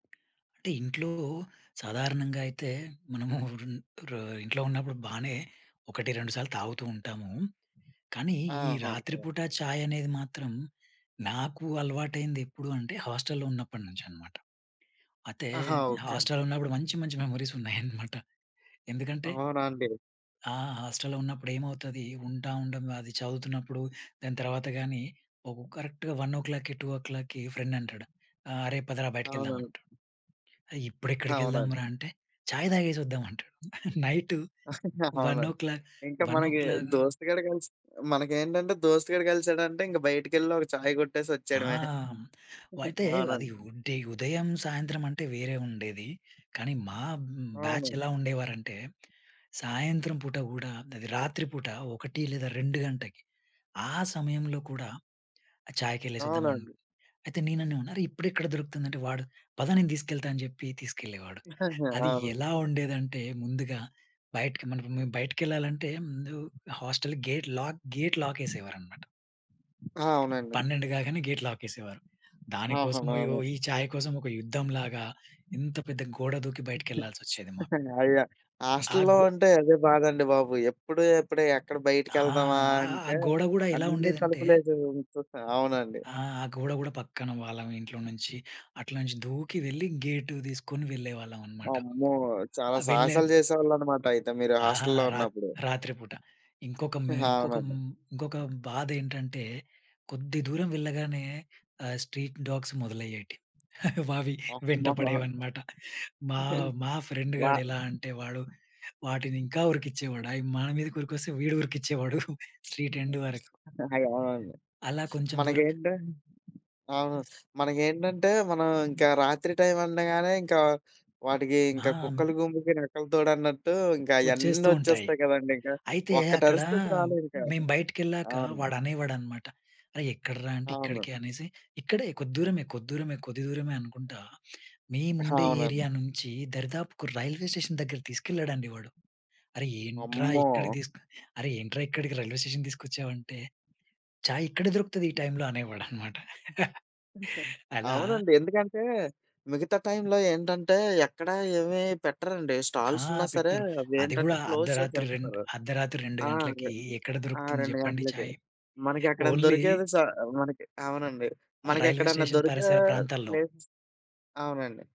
అంటే ఇంట్లో సాధారణంగా అయితే మనము రూన్ ర ఇంట్లో ఉన్నప్పుడు బానే ఒకటి, రెండు సార్లు తాగుతూ ఉంటాము. కానీ, ఈ ఆహ! రాత్రి ఒకే. పూట చాయనేది మాత్రం నాకు అలవాటయ్యింది ఎప్పుడు అంటే, హాస్టల్లో ఉన్నప్పటినుంచనమాట. అయితే ఆహా! ఓకే అండి. హాస్టల్లో ఉన్నప్పుడు మంచి, మంచి మెమోరీస్ ఉన్నాయనమాట. ఎందుకంటే అవునండీ. ఆ! హాస్టల్‌లో ఉన్నప్పుడు ఏమవుతది, ఉంటా ఉండం అది చదువుతున్నప్పుడు దాని తర్వాత కానీ, ఒక కరెక్ట్‌గా 1:00కి, 2:00కి ఫ్రెండ్ అంటాడు, ఆహ్, "అరే! పదరా బయటికి వెళ్దాం అవునండి. అంటాడు," "అరె! ఇప్పుడు ఎక్కడికి అవునండి. వెళ్దాంరా!" అంటే, "చాయ్ తాగేసి వద్దాం" అంటాడు. నైటు వన్ ఓ అవునండి. క్లాక్ ఇంకా వన్ ఓ మనకి క్లాక్ దోస్తుగాడు కలిసి మనకేంటంటే దోస్తుగాడు కలిసాడంటే ఇంక బయటికెళ్ళి ఒక చాయ్ కొట్టేసి ఆ! వచ్చేయడమే. హ్మ్, వయితే అది అవునండి. వుంటే ఉదయం, సాయంత్రం అంటే వేరే ఉండేది. కానీ మా హ్మ్, బ్యాచ్ అవునండి. ఎలా ఉండేవారంటే, సాయంత్రం పూట కూడా అది రాత్రి పూట 1 లేదా 2 గంటకి ఆ సమయంలో కూడా ఆహ్, చాయకి ఎళ్లేసొద్దాం అన్ అవునండి. అయితే నేను అన్నాను, "అరే! ఇప్పుడు ఎక్కడ దొరుకుతుందంటే," వాడు, "పద నేను తీసుకెళ్తా" అని చెప్పి తీసుకెళ్లేవాడు. అది అవును. ఎలా ఉండేదంటే, ముందుగా బయటకి మనం ఇప్ మేము బయటకెళ్ళాలంటే, ముందు hostel gate lock, gate lock యేసేవారనమాట. ఆ! అవునండి. 12 కాగానే గేట్ లాక్ యేసేవారు. ఆహా! దానికోసం బోయి ఓ ఈ [unintelligible] ఛాయ్ కోసం ఒక యుద్ధం లాగా, ఇంత పెద్ద గోడ దూకి బయటకెళ్ళాల్సొచ్చేది మాకు. అయ్యో! ఆ హాస్టల్‌లో గో ఉంటే అదే బాధండి బాబు! ఎప్పుడు, ఎప్పుడే ఎక్కడ ఆ! బయటకెళ్దామా ఆహ్, ఆ అంటే గోడ కూడా ఎలా అన్నీ ఉండేదంటే తలుపులేసేసి ఉంచు అవునండి. ఆ! గోడ కూడా పక్కన వాళ్ళం ఇంట్లో నుంచి, అట్ల నుంచి దూకి వెళ్లి గేటు తీసుకొని వెళ్ళేవాళ్ళం అనమాట. అమ్మో! చాలా ఆ! వెళ్ళే సాహసాలు చేసేవాళ్ళనమాట అయితే మీరు ఆహా! హాస్టల్‌లో రాత్ ఉన్నప్పుడు. రాత్రి పూట. ఇంకొక మె ఆ! ఇంకొక అవునండి. హ్మ్, ఇంకొక బాధ ఏంటంటే, కొద్ది దూరం వెళ్ళగానే ఆహ్, స్ట్రీట్ డాగ్స్ మొదలయ్యేటి. వవి [unintelligible] వెంటపడేవనమాట. మా, మా ఫ్రెండ్ వ గాడు ఎలా అంటే, వాడు వాటిని ఇంకా ఉరికిచ్చేవాడు. అవి మన మీదకి ఉరికొస్తే వీడు ఉరికిచ్చేవాడు. స్ట్రీట్ ఎండ్ వరకు. అయ్యో! అవునండి. అలా కొంచెం దూరం మనకేంటి అవును. మనకేంటంటే మనం ఇంకా రాత్రి టైం అనగానే ఇంకా, వాటికి ఆహా! ఇంకా కుక్కల హ్మ్. గుంపుకి నక్కలు తోడన్నట్టు ఇంకా అయన్నీ వచ్చేస్తూ ఉంటాయి. వచ్చేస్తాయి కదండీ! ఇంకా అయితే ఒక్కటి అక్కడ అరిస్తే చాలు ఇంకా. మేము బయటికెళ్ళాక అవును. వాడనేవాడనమాట, "అరే! ఎక్కడరా" అంటే, అవును. "ఇక్కడికి" అనేసి, "ఇక్కడే కొద్ది దూరమే, కొద్ది దూరమే, కొద్ది దూరమే" అనుకుంటా మేముండే అవునండి. ఏరియా నుంచి దరిదాపుకు రైల్వే స్టేషన్ దగ్గరకి తీసుకెళ్ళాడండి వాడు. "అరె! ఏంట్రా ఇక్కడికి అమ్మో! తీసుకు అరె! ఏంట్రా ఇక్కడికి రైల్వే స్టేషన్‌కి తీసుకొచ్చావంటే," "ఛాయ్ ఇక్కడే దొరుకుతది ఈ టైంలో" అనేవాడనమాట. అలా అవునండి. ఎందుకంటే మిగతా టైమ్‌లో ఏంటంటే, ఎక్కడ ఏమి పెట్టరండి. ఆ! స్టాల్స్ ఉన్నా సరే! పెట్టరు. అవి అది ఏంటంటే, కూడా క్లోజ్ అర్ధరాత్రి రెండు చేసేస్తారు. అర్ధరాత్రి 2 ఆ! రే గంటలకి ఎక్కడ ఆ! దొరుకుతుంది 2 చెప్పండి! గంటలకి. చాయ్? మనకేక్కడైనా ఓన్లీ దొరికేది స మనకి అవునండి. ఆహ్, రైల్వే మనకెక్కడన్నా స్టేషన్ దొరికే పరిసర ప్రాంతాల్లో. ప్లేస్ అవునండి.